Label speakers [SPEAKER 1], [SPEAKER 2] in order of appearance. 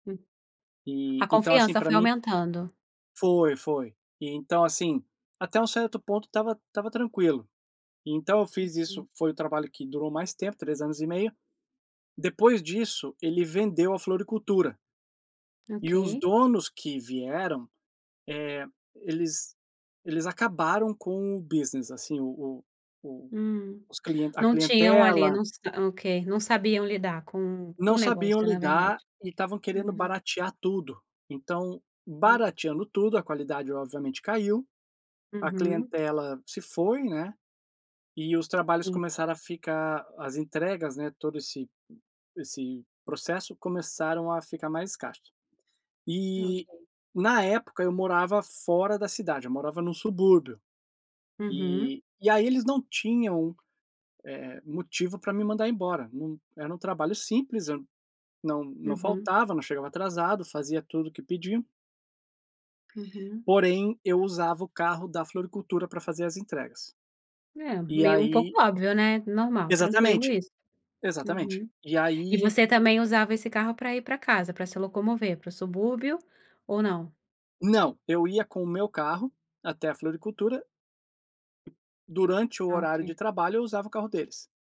[SPEAKER 1] Hum. A
[SPEAKER 2] E, então assim,
[SPEAKER 1] confiança
[SPEAKER 2] pra
[SPEAKER 1] foi
[SPEAKER 2] mim
[SPEAKER 1] aumentando.
[SPEAKER 2] Foi, foi. E, então, assim, até um certo ponto estava estava tranquilo, então eu fiz
[SPEAKER 1] Uhum.
[SPEAKER 2] isso foi o trabalho que durou mais tempo, 3 anos e meio, depois disso, ele vendeu a floricultura. E os
[SPEAKER 1] Ok.
[SPEAKER 2] donos que vieram, eh, eles eles acabaram com o business assim, o o o
[SPEAKER 1] Hum.
[SPEAKER 2] os cli a
[SPEAKER 1] Não tinham ali
[SPEAKER 2] clientela
[SPEAKER 1] não s ok, não sabiam lidar com com
[SPEAKER 2] Não
[SPEAKER 1] o
[SPEAKER 2] sabiam
[SPEAKER 1] negócio na verdade.
[SPEAKER 2] lidar e estavam querendo
[SPEAKER 1] Uhum.
[SPEAKER 2] baratear tudo, então,
[SPEAKER 1] Hum.
[SPEAKER 2] barateando tudo, a qualidade obviamente caiu, a
[SPEAKER 1] Uhum.
[SPEAKER 2] clientela se foi, né, e os trabalhos
[SPEAKER 1] Hum.
[SPEAKER 2] começaram a ficar as entregas, né, todo esse esse processo começaram a ficar mais escasso, e,
[SPEAKER 1] Ok.
[SPEAKER 2] na época, eu morava fora da cidade, eu morava num subúrbio,
[SPEAKER 1] Uhum.
[SPEAKER 2] e e aí eles não tinham, eh, motivo pra me mandar embora, num era um trabalho simples, eu n não não
[SPEAKER 1] Uhum.
[SPEAKER 2] faltava, não chegava atrasado, fazia tudo o que pediam
[SPEAKER 1] Uhum.
[SPEAKER 2] porém, eu usava o carro da floricultura pra fazer as entregas,
[SPEAKER 1] É,
[SPEAKER 2] e
[SPEAKER 1] meio um pouco
[SPEAKER 2] aí
[SPEAKER 1] óbvio, né, normal, tranquilo
[SPEAKER 2] Exatamente,
[SPEAKER 1] isso.
[SPEAKER 2] exatamente.
[SPEAKER 1] Uhum.
[SPEAKER 2] E
[SPEAKER 1] E
[SPEAKER 2] aí
[SPEAKER 1] você também usava esse carro pra ir pra casa, pra se locomover pro subúrbio ou não?
[SPEAKER 2] Não. Eu ia com o meu carro até a floricultura. Durante o
[SPEAKER 1] Ah,
[SPEAKER 2] horário de
[SPEAKER 1] ok.
[SPEAKER 2] trabalho eu usava o carro deles.